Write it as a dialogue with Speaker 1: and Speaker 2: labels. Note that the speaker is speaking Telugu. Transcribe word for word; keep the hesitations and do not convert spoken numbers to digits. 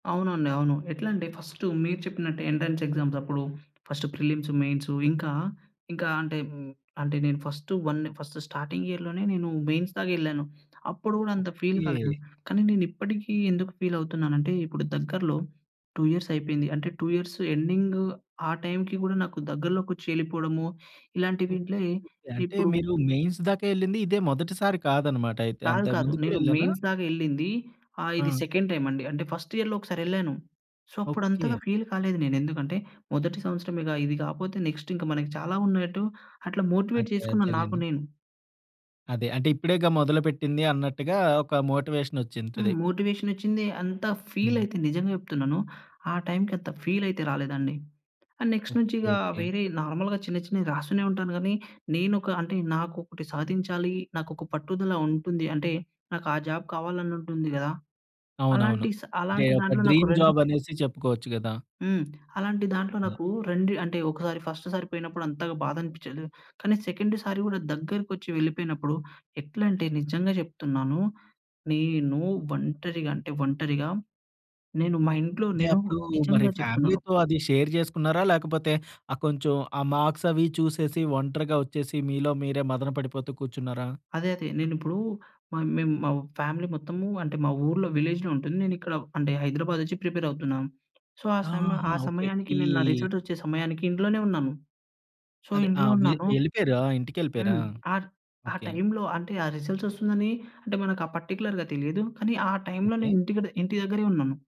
Speaker 1: అవునండి. అవును. ఎట్లా అంటే ఫస్ట్, మీరు చెప్పినట్టు ఎంట్రన్స్ ఎగ్జామ్స్ అప్పుడు ఫస్ట్ ప్రిలిమ్స్, మెయిన్స్. ఇంకా, ఇంకా అంటే అంటే నేను ఫస్ట్ వన్ ఫస్ట్ స్టార్టింగ్ ఇయర్‌లోనే నేను మెయిన్స్ దాక ఎళ్ళాను. అప్పుడు కూడా అంత ఫీల్ కాలేదు.
Speaker 2: ఓకే.
Speaker 1: కానీ, నేను ఇప్పటికీ ఎందుకు ఫీల్ అవుతున్నానంటే, ఇప్పుడు దగ్గరలో టూ ఇయర్స్ అయిపోయింది. అంటే టూ ఇయర్స్ ఎండింగ్ ఆ టైమ్‌కి కూడా నాకు దగ్గరలోకొచ్చి ఎళ్ళిపోవడము ఇలాంటి
Speaker 2: ఓ
Speaker 1: వింట్లే
Speaker 2: ఓకే. అంటే,
Speaker 1: ఇప్పుడు
Speaker 2: మీరు మెయిన్స్ దాకా ఎళ్ళింది ఇదే మొదటిసారి కాదన్నమాట అయితే.
Speaker 1: కాదు
Speaker 2: అంతకు
Speaker 1: కాదు.
Speaker 2: ముందు కూడా
Speaker 1: నేను
Speaker 2: వెళ్ళారా?
Speaker 1: మెయిన్స్ దాక ఎళ్ళింది. ఆహ్, ఇది
Speaker 2: ఆ!
Speaker 1: సెకండ్ టైమ్ అండి. అంటే, ఫస్ట్ ఇయర్‌లో ఒకసారి ఎళ్ళాను. సో, అప్పుడు అంతగా
Speaker 2: ఓకే.
Speaker 1: ఫీల్ కాలేదు నేను. ఎందుకంటే, మొదటి సంవత్సరమేగా ఇది కాకపోతే, నెక్స్ట్ ఇంకా మనకి చాలా ఉన్నాయన్నట్టు అట్లా మోటివేట్
Speaker 2: అదే.
Speaker 1: చేసుకున్న నాకు
Speaker 2: అదేలెండి.
Speaker 1: నేను.
Speaker 2: అదే. అంటే ఇప్పుడేగా మొదలు పెట్టింది అన్నట్టుగా, ఒక మోటివేషన్
Speaker 1: హ్మ్.
Speaker 2: వచ్చింటది.
Speaker 1: మోటివేషనొచ్చింది. అంత ఫీల్
Speaker 2: హ్మ్.
Speaker 1: అయితే నిజంగా చెప్తున్నాను, ఆ టైమ్‌కి అంత ఫీల్ అయితే రాలేదండి. అండ్ నెక్స్ట్ నుంచి ఇక
Speaker 2: ఓకే. ఓకే.
Speaker 1: వేరే నార్మల్‌గా చిన్న, చిన్నవి రాస్తూనే ఉంటాను కానీ, నేను ఒక అంటే నాకు ఒకటి సాధించాలి నాకు ఒక పట్టుదల ఉంటుంది అంటే, నాకు ఆ జాబ్ కావాలని ఉంటుంది కదా,
Speaker 2: అవునవును.
Speaker 1: అలాంటి స
Speaker 2: అంటే,
Speaker 1: అలాంటి
Speaker 2: ఒక
Speaker 1: దాంట్లో నాకు
Speaker 2: డ్రీమ్
Speaker 1: రెండు
Speaker 2: జాబ్ అనేసి చెప్పుకోవచ్చు కదా!
Speaker 1: హ్మ్. అలాంటి దాంట్లో
Speaker 2: హ్మ్.
Speaker 1: నాకు రెండు అంటే ఒకసారి ఫస్ట్ సారి పోయినప్పుడు అంతగా బాధ అనిపించదు. కానీ, సెకండ్ సారి కూడా దగ్గరకొచ్చి వెళ్ళిపోయినప్పుడు ఎట్లా అంటే, నిజంగా చెప్తున్నాను. నేను ఒంటరిగా అంటే, ఒంటరిగా నేను మా ఇంట్లో
Speaker 2: అంటే,
Speaker 1: నేను
Speaker 2: అప్పుడు మరి
Speaker 1: నిజంగా చెప్తున్నాను
Speaker 2: ఫ్యామిలీతో అది షేర్ చేసుకున్నారా? లేకపోతే, ఆ కొంచెం ఆ మార్క్స్ అవి చూసేసి, ఒంటరిగా వచ్చేసి మీలో మీరే మదన పడిపోతూ కూర్చున్నారా?
Speaker 1: అదే అదే. నేనిప్పుడు మ మేము మా ఫ్యామిలీ మొత్తము, అంటే మా ఊర్లో విలేజ్‌లో ఉంటుంది. నేనిక్కడ హైదరాబాద్ వచ్చి ప్రిపేర్ అవుతున్నాను. సో, ఆ సమయ
Speaker 2: ఆహా!
Speaker 1: ఆ
Speaker 2: ఓకే ఓకే.
Speaker 1: సమయానికి
Speaker 2: ఈ
Speaker 1: నేను నా రిజల్ట్స్ వచ్చే సమయానికి ఇంట్లోనే ఉన్నాను. సో,
Speaker 2: అదే
Speaker 1: ఇంట్లో
Speaker 2: ఆహ్, వి
Speaker 1: ఉన్నాను.
Speaker 2: ఎళ్ళిపోయారా, ఇంటికెళ్ళిపోయారా?
Speaker 1: హ్మ్. ఆ ఆ
Speaker 2: ఓకే.
Speaker 1: టైమ్‌లో అంటే, ఆ రిజల్ట్స్ వస్తుందని అంటే, మనకు ఆ పార్టిక్యులర్‌గా తెలియదు. కానీ, ఆ టైమ్‌లో
Speaker 2: ఓకే.
Speaker 1: నేను ఇంటి కడ ఇంటి దగ్గరే ఉన్నాను.